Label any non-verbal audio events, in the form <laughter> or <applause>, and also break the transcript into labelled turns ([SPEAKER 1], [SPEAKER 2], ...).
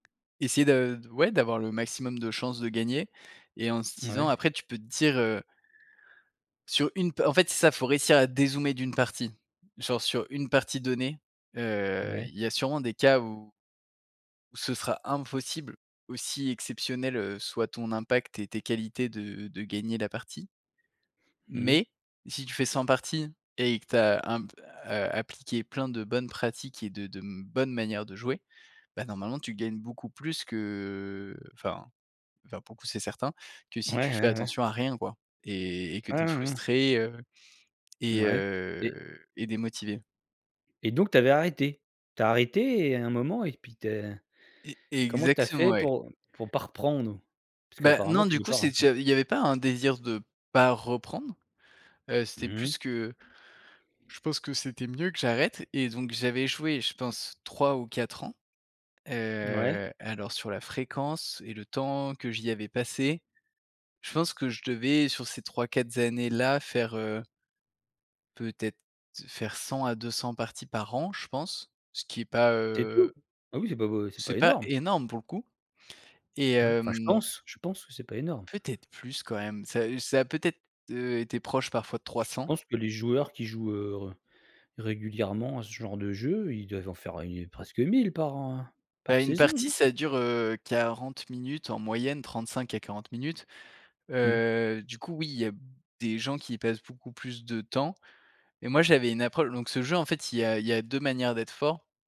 [SPEAKER 1] Essayer de d ouais, d'avoir le maximum de chances de gagner et en se disant,
[SPEAKER 2] Ouais.
[SPEAKER 1] après, tu peux te dire, heu sur une p en fait, c'est ça, faut réussir à dézoomer d'une partie. Genre, sur une partie donnée, heu,
[SPEAKER 2] Ouais.
[SPEAKER 1] il y a sûrement des cas où où ce sera impossible. Aussi, exceptionnels, heu, soient ton impact et tes qualités de de gagner la partie.
[SPEAKER 2] Mmh mh.
[SPEAKER 1] Mais si tu fais 100 parties et que tu as un p heu, appliqué plein de bonnes pratiques et de de m bonnes manières de jouer, bah, normalement, tu gagnes beaucoup plus que enfin enfin, pour le coup, c'est certain que
[SPEAKER 2] Ouais,
[SPEAKER 1] si tu fais
[SPEAKER 2] ouais, ouais.
[SPEAKER 1] attention à rien, quoi et et que
[SPEAKER 2] Ouais,
[SPEAKER 1] tu es
[SPEAKER 2] ouais, ouais.
[SPEAKER 1] frustré, heu et
[SPEAKER 2] Mouais, et
[SPEAKER 1] heu et démotivé.
[SPEAKER 2] et donc tu avais arrêté? Tu as arrêté et à un moment et puis tu es
[SPEAKER 1] E
[SPEAKER 2] comment tu as
[SPEAKER 1] exactement,
[SPEAKER 2] fait
[SPEAKER 1] ouais.
[SPEAKER 2] pour, pour pas reprendre? Parce
[SPEAKER 1] Bah,
[SPEAKER 2] qu'apparemment,
[SPEAKER 1] non,
[SPEAKER 2] tu
[SPEAKER 1] du
[SPEAKER 2] n'es
[SPEAKER 1] coup,
[SPEAKER 2] pas
[SPEAKER 1] c'est
[SPEAKER 2] <unintelligible>
[SPEAKER 1] déjà, il y avait pas un désir de pas reprendre. Heu, c'était
[SPEAKER 2] Mmh mh.
[SPEAKER 1] plus que je pense que c'était mieux que j'arrête et donc j'avais, joué je pense, 3 ou 4 ans.
[SPEAKER 2] Mouais.
[SPEAKER 1] Heu, alors, sur la fréquence et le temps que j'y avais passé, je pense que je devais, sur ces 3-4 années-là, faire heu peut-être faire 100 à 200 parties par an, je pense, ce qui est pas,
[SPEAKER 2] C'est
[SPEAKER 1] heu
[SPEAKER 2] tout? Ah oui, c'est pas beau c'est
[SPEAKER 1] c'est
[SPEAKER 2] pas
[SPEAKER 1] pas
[SPEAKER 2] énorme.
[SPEAKER 1] énorme pour le coup et
[SPEAKER 2] Non, enfin, je
[SPEAKER 1] hem
[SPEAKER 2] pense je pense que c'est pas énorme.
[SPEAKER 1] peut-être plus quand même? Ça heu, ça a peut-être, heu, été proche parfois de trois
[SPEAKER 2] J je
[SPEAKER 1] cents.
[SPEAKER 2] pense que les joueurs qui jouent, heu, régulièrement à ce genre de jeu, ils doivent en faire, heu, presque 1 000 par, hein,
[SPEAKER 1] Bah,
[SPEAKER 2] par
[SPEAKER 1] une
[SPEAKER 2] saison,
[SPEAKER 1] partie
[SPEAKER 2] hein.
[SPEAKER 1] ça dure, heu, 40 minutes en moyenne, 35 à 40 minutes.
[SPEAKER 2] Mmh.
[SPEAKER 1] Heu, du coup oui, il y a b des gens qui y passent beaucoup plus de temps et moi j'avais une approche donc, ce jeu, en fait, il y a il y a 2 manières d'être fort